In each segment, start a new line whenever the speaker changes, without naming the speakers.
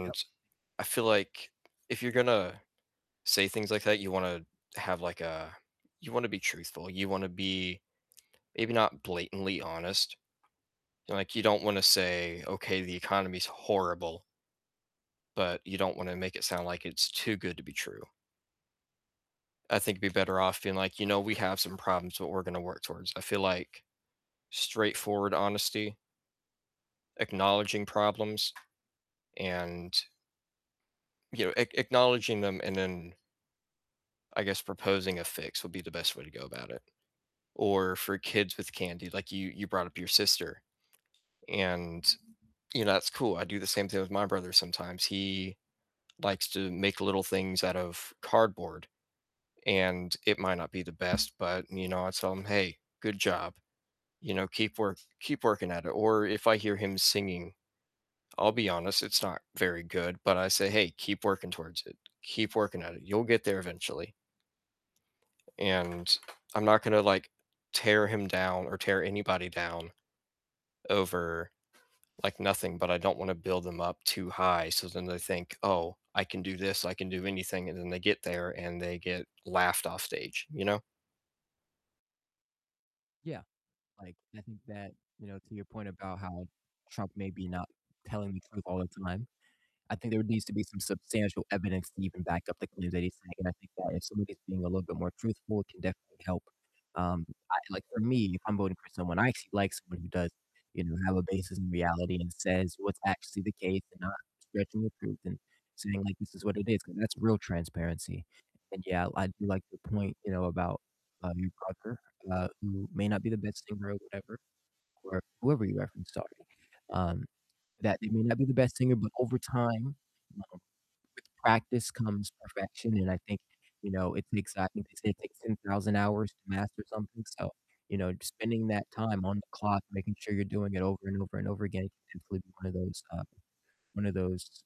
Yep.
I feel like if you're gonna say things like that, you want to have, like a you want to be truthful. You wanna be maybe not blatantly honest. Like, you don't want to say, "Okay, the economy's horrible." But you don't want to make it sound like it's too good to be true. I think it'd be better off being like, "You know, we have some problems, but we're gonna work towards." I feel like straightforward honesty acknowledging problems and you know, ac acknowledging them and then I guess proposing a fix would be the best way to go about it. Or for kids with candy, like, you you brought up your sister and, you know, that's cool, I do the same thing with my brother sometimes. He likes to make little things out of cardboard and it might not be the best, but, you know, I tell him, "Hey, good job." You know, "Keep work keep working at it." Or if I hear him singing, I'll be honest, it's not very good, but I say, "Hey, keep working towards it, keep working at it, you'll get there eventually." And I'm not gonna, like, tear him down or tear anybody down over, like, nothing, but I don't wanna build them up too high, so then they think, "Oh, I can do this, I can do anything," and then they get there and they get laughed off stage, you know?
Yeah. Like, I think that, you know, to your point about how Trump may be not telling the truth all the time, I think there needs to be some substantial evidence to even back up the claims that he's saying, and I think that if somebody's being a little bit more truthful, it can definitely help, um, I like for me, if I'm voting for someone I actually like, someone who does, you know, have a basis in reality and says what's actually the case and not stretching the truth and saying like, "This is what it is," 'cause that's real transparency. And yeah, I do like the point, you know, about, uh, your brother, uh, who may not be the best singer or whatever, or whoever you referenced, sorry. Um, that they may not be the best singer, but over time, um, with practice comes perfection, and I think, you know, it's an exciting they say it takes 10,000 hours to master something, so, you know, just spending that time on the clock, making sure you're doing it over and over and over again can definitely be one of those, uh, one of those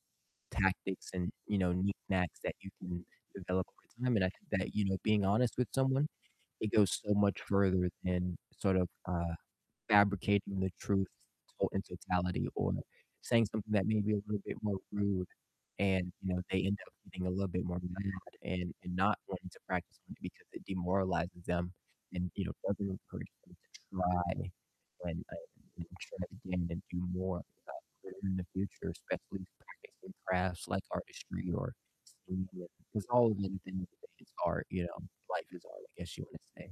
tactics and, you know, knick-knacks that you can develop over time, and I think that, you know, being honest with someone, it goes so much further than sort of, uh, fabricating the truth to in totality or saying something that may be a little bit more rude and, you know, they end up getting a little bit more mad and and not wanting to practice on it because it demoralizes them and, you know, doesn't encourage them to try and and and try again and do more, uh, later in the future, especially practicing crafts like artistry or singing. 'Cause all of these things, they just are you know, life is art, I guess you wanna say.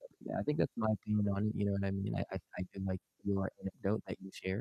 But yeah, I think that's my opinion on it, you know what I mean? I I did like your anecdote that you shared.